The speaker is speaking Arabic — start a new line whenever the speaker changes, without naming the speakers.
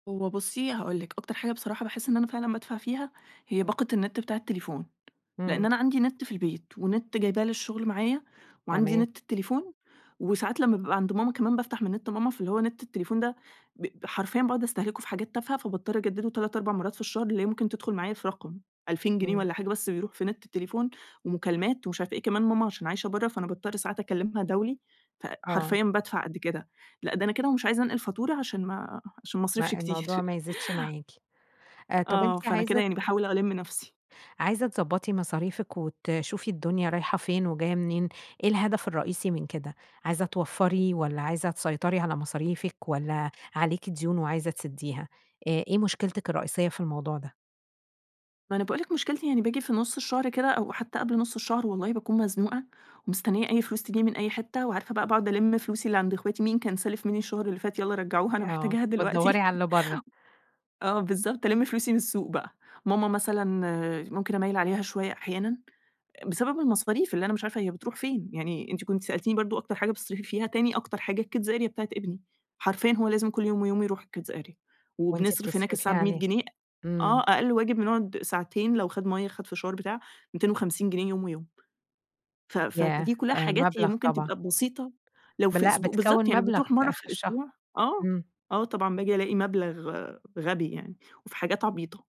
هو بصي هاقول لِك، أكتر حاجة بصراحة باحس إن أنا فعلًا بادفع فيها هي باقة النت بتاع التليفون؛ لأن
إمم.
أنا عندي نت في البيت ونت جايباه للشغل معايا وعندي
تمام.
نت التليفون وساعات لمّا بابقى عند ماما كمان بافتح من نت ماما فاللي هو نت التليفون ده ب حرفيًا باقعد استهلكه في حاجات تافهة فباضطر أجدده 3، 4 مرات في الشهر اللي هي ممكن تدخل معايا في رقم 2000 جنيه
إمم.
والّا حاجة بس بيروح في نت التليفون ومكالمات ومش عارفة إيه، كمان ماما عشان عايشة بره، فأنا باضطر ساعات أكلمها دولي،
آه.
فحرفيًا بادفع قد كده، لأ ده أنا كده ومش عايزة أنقل فاتورة؛ عشان ما عشان ما اصرفش
ما
كتير.
الموضوع ما يزيدش معاكِ، طب
آه
أنتِ
فأنا كده
عايزة
يعني
ت
باحاول ألم نفسي.
عايزة تضبطي مصاريفِك وتشوفي الدنيا رايحة فين وجاية منين إيه الهدف الرئيسي من كده؟ عايزة توفري والّا عايزة تسيطري على مصاريفِك والّا عليكِ ديون وعايزة تسديها؟ إ إيه مشكلتِك الرئيسية في الموضوع ده؟
ما أنا باقول لِك مشكلتي يعني باجي في نص الشهر كده أو حتى قبل نص الشهر والله باكون مزنوقة ومستنية أي فلوس تيجيني من أي حتّة وعارفة بقى باقعد ألم فلوسي اللي عند أخواتي، مين كان سالف مني الشهر اللي فات يالّا رجعوها أنا
آه،
محتاجاها
بتدوري
دلوقتي
على اللي بره.
آه بالضبط ألم فلوسي من السوق بقى. ماما مثلًا ممكن أميّل عليها شوية أحيانًا؛ بسبب المصاريف اللي أنا مش عارفة هي بتروح فين؟! يعني أنتِ كنتِ سألتيني برضه أكتر حاجة بتصرفي فيها تاني أكتر حاجة الkids area بتاعة ابني، حرفيًا هو لازم كل يوم ويوم يروح الkids area
وأنتِ
وبنصرف هناك
بتصرفي
الساعة ب100
عليه،
جنيه آه
إمم.
أقل واجب نقعد ساعتين لو خد مَيّة، خد فشار بتاع 250 جنيه يوم ويوم ف
ياه!
فدي كلها حاجات هي
مبلغ
ممكن
طبعًا.
تبقى بسيطة لو
ب
في
لأ
أسبو
بتكوّن
بالضبط يعني
مبلغ
بتروح مرة
آخر
في
الشهر،
الأسبوع، آه،
إمم.
آه، طبعًا باجي ألاقي مبلغ غبي يعني وفي حاجات عبيطة.